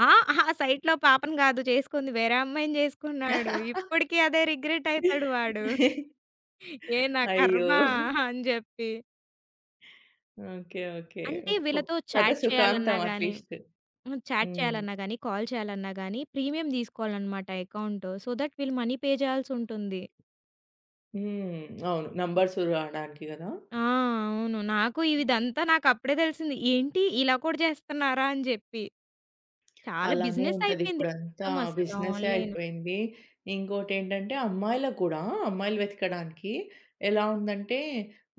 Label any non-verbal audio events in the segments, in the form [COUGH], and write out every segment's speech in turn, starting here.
ఆ! ఆ [GIGGLES] సైట్‌లో పాపని గాదు జేసుకుంది, వేరే అమ్మాయిని జేసుకున్నాడు. [LAUGHS] ఇప్పుడికి అదే రిగ్రెటయితాడు వాడు. [CHUCKLES] ఏ నా అయ్యో! ఖర్మా [GIGGLES] అని జెప్పి. ఓకే. ఓకే. అంటే, వు ఫొ వీళ్ళతో కథ చాట్ చెయ్యాలన్నా సుఖాంతం గానీ అట్లీస్ట్. హుహు చాట్ హ్మ్. చెయ్యాలన్నా గానీ, కాల్ చెయ్యాలన్నా గానీ, ప్రీమియం దీసుకోవాలననమాట ఎకౌంటు. సో థట్, వీళ్ళు మనీ పే జెయ్యాల్సుంటుంది. హ్మ్. అవును. నంబర్స్ రావడానికి గదా? ఆ! అవును. నాకు ఇవిదంతా నాకప్పుడే దెలిసింది, ఏంటి ఇలా కూడా జేస్తన్నారా అని జెప్పి. చాలా అలానే బిజినెసయిపేంది ఉంటదిప్పుడంతా మొత్తమసల బిజినెసే ఆన్‌లైన్. అయిపోయింది. ఇంకోటేంటంటే, అమ్మాయిలకు గూడా, అమ్మాయిలు వెతకడానికి ఎలా ఉందంటే,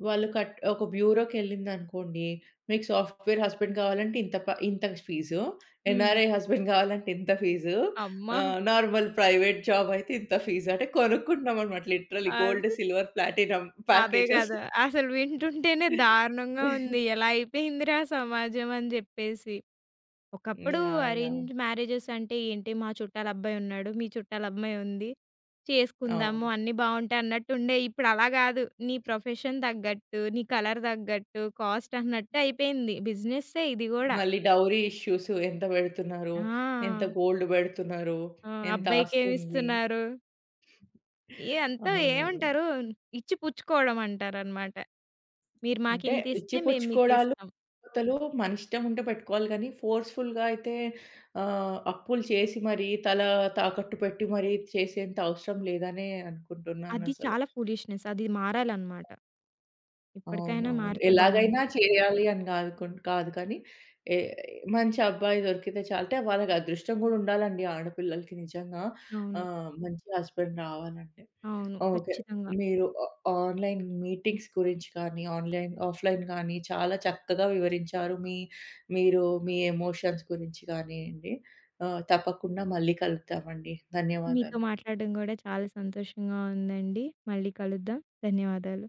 వాళ్ళు కట్ ఒక బ్యూరో‌కెళ్ళిందనుకోండీ, మీకు సాఫ్ట్‌వేర్ హస్బెండ్ గావాలంటే ఇంత ప ఇంత క ఫీజు, హ్మ్. ఎన్ఆర్ఐ హస్బెండ్ గావాలంటే ఇంత ఫీజు, అమ్మా! ఆహ్, నార్మల్ ప్రైవేట్ జాబయితే ఇంత ఫీజు. అంటే, కొనుక్కుంటున్నామనమాట లిటరల్లీ గోల్డ్, అది. సిల్వర్, ప్లాటినం అదే ప్యాకేజ్‌స్. గదా! [GIGGLES] అసలు వింటుంటేనే దారుణంగా ఉంది. [GIGGLES] ఎలా అయిపోయిందిరా సమాజం అని జెప్పేసి. ఒకప్పుడూ యాహ్! యాహ్! అరేంజ్ మ్యారేజెసంటే ఏంటి, మా చుట్టాలబ్బాయున్నాడు, మీ చుట్టాలమ్మాయుంది, చేసుకుందాము అవును. అన్నీ బావుంటే అన్నట్టుండేయి. ఇప్పుడు అలా గాదు. నీ ప్రొఫెషన్ దగ్గట్టు, నీ కలర్ దగ్గట్టు, కాస్టన్నట్టు అయిపేయింది. బిజినెస్సే ఇది గూడా. మళ్ళీ డౌరీ ఇష్యూసు. ఎంత బెడుతున్నారు, ఎంత ఆ! గోల్డ్ బెడుతున్నారు, ఆ! ఎంత ఆస్తుంది. అబ్బాయికేమిస్తున్నారు. ఏ అంతో అవునవును. ఏవంటారు, ఇచ్చి పుచ్చుకోడమంటారనమాట. మీరు అంటే, మాకింతిస్తే, మేము ఇచ్చిపుచ్చుకోడాలు, మీకిస్తాం. పోతలు మనిష్టముంటే పెట్టుకోవాలి గానీ, ఫోర్స్‌ఫుల్‌గా అయితే ఆహ్, అప్పులు చేసి మరీ, తలా తాకట్టు పెట్టి మరీ చేసేంత అవసరం లేదనే అది అనుకుంటున్నానసలు. చాలా ఫూలిష్‌నెస్ అది మారాలనమాట. అవును. ఇప్పడికైనా అవును. మారితే బావుండు. ఎలాగైనా చెయ్యాలి అని గాదు కుండ్ కాదు కానీ, ఏ మంచబ్బాయి దొరికితే చాలు. అంటే, వాళ్ళకదృష్టం గూడుండాలండి ఆడపిల్లలకి నిజంగా. అవును. ఆహ్, మంచి హస్బెండ్ రావాలంటే. అవును. ఓకే. ఖచ్చితంగా. మీరు ఆ ఆన్‌లైన్ మీటింగ్స్ గురించి కానీ, ఆన్‌లైన్, ఆఫ్‌లైన్ గానీ, చాలా చక్కగా వివరించారు. మీ మీరూ మీ ఎమోషన్స్ గురించి గానియండి. ఆహ్, తప్పకుండా మళ్ళీ కలుద్దామండి. మీతో ధన్యవాదాలు. మాట్లాడడం గూడా చాలా సంతోషంగా ఉందండి. మళ్ళీ కలుద్దాం. ధన్యవాదాలు.